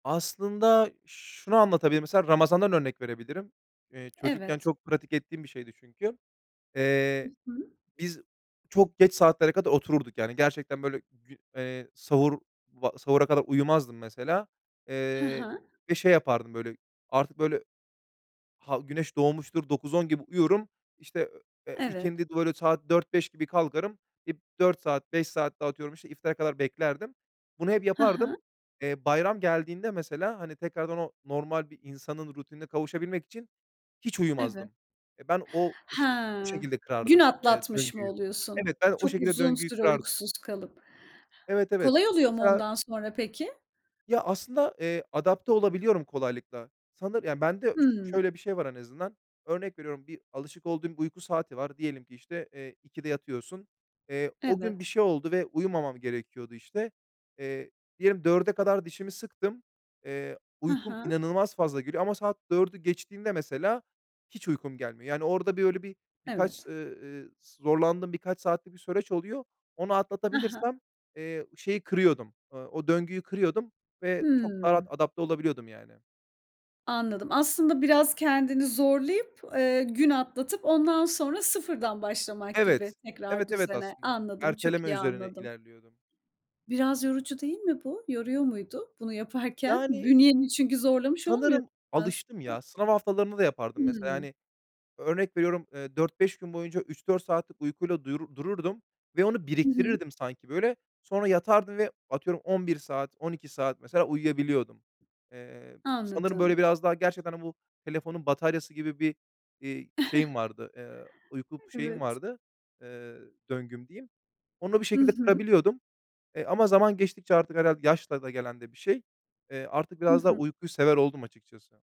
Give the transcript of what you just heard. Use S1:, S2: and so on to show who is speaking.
S1: Aslında şunu anlatabilirim: Mesela Ramazan'dan örnek verebilirim. Eee, çocukken
S2: Evet.
S1: çok pratik ettiğim bir şeydi çünkü.
S2: Hı
S1: Eee,
S2: hı.
S1: biz çok geç saatlere kadar otururduk, yani, gerçekten böyle, gü eee, sahur va sahura kadar uyumazdım mesela.
S2: Hı
S1: Eee,
S2: hı.
S1: ve şey yapardım, böyle, artık, böyle, ha güneş doğmuştur, 9-10 gibi uyurum. İşte, ööö, eee,
S2: Evet.
S1: ikindide, böyle, saat 4-5 gibi kalkarım. Eee, 4 saat, 5 saat daha atıyorum, işte, iftara kadar beklerdim. Bunu hep
S2: Hı
S1: yapardım.
S2: hı.
S1: Eee, bayram geldiğinde mesela, hani, tekrardan o normal bir insanın rutinine kavuşabilmek için hiç
S2: Evet.
S1: uyumazdım. Eee, ben o iş o
S2: Ha.
S1: şekilde
S2: Gün
S1: kırardım, eee,
S2: atlatmış mı
S1: döngüyü.
S2: oluyorsun?
S1: Evet, ben o
S2: Çok
S1: şekilde
S2: uzun
S1: döngüyü
S2: süre
S1: kırardım.
S2: uykusuz kalıp.
S1: Evet, evet.
S2: Kolay oluyor mu
S1: Mesela
S2: ondan sonra peki?
S1: Ya, aslında, eee, adapte olabiliyorum kolaylıkla. Sanır Yani bende ş ş
S2: Hıı.
S1: şöyle bir şey var en azından. Örnek veriyorum, bir alışık olduğum bir uyku saati var, diyelim ki, işte, eee, 2'de yatıyorsun. Eee, o gün bir
S2: Evet.
S1: şey oldu ve uyumamam gerekiyordu işte. Eee, diyelim 4'e kadar dişimi sıktım, eee,
S2: Hı
S1: uykum
S2: hı.
S1: inanılmaz fazla geliyor ama saat 4'ü geçtiğinde mesela hiç uykum gelmiyor. Yani orada, böyle, bir birkaç,
S2: Evet.
S1: eee, eee, ıs zorlandığım birkaç saatlik bir süreç oluyor. Onu
S2: Hı hı.
S1: atlatabilirsem, eee, şeyi kırıyordum, eee, o döngüyü kırıyordum ve çok daha rahat
S2: Hıı.
S1: adapte olabiliyordum yani.
S2: Anladım. Aslında biraz kendini zorlayıp, eee, gün atlatıp ondan sonra sıfırdan başlamak gibi
S1: Evet. Evet,
S2: tekrar
S1: evet,
S2: düzene.
S1: aslında
S2: Anladım, çok
S1: erteleme
S2: iyi
S1: üzerine
S2: anladım.
S1: ilerliyordum.
S2: Biraz yorucu değil mi bu? Yoruyor muydu bunu yaparken?
S1: Yani
S2: Bünyeni çünkü zorlamış olmuyor
S1: Sanırım alıştım ya,
S2: aslında.
S1: sınav haftalarını da yapardım mesela,
S2: Hıı.
S1: hani, örnek veriyorum, eee, 4-5 gün boyunca 3-4 saatlik uykuyla duyur dururdum ve onu
S2: Hı hı.
S1: biriktirirdim sanki böyle. Sonra yatardım ve atıyorum 11 saat, 12 saat mesela uyuyabiliyordum. Eee, sanırım, böyle,
S2: Anladım.
S1: biraz daha gerçekten bu telefonun bataryası gibi bir, iii, şeyim vardı, eee, uyku şeyim
S2: Evet.
S1: vardı, eee, "döngüm" diyeyim. Onu bir
S2: Hı
S1: şekilde
S2: hı.
S1: kırabiliyordum. Eee, ama zaman geçtikçe artık herhâlde yaşla da gelen de bir şey. Eee, artık
S2: Hı
S1: biraz daha
S2: hı.
S1: uykuyu sever oldum açıkçası.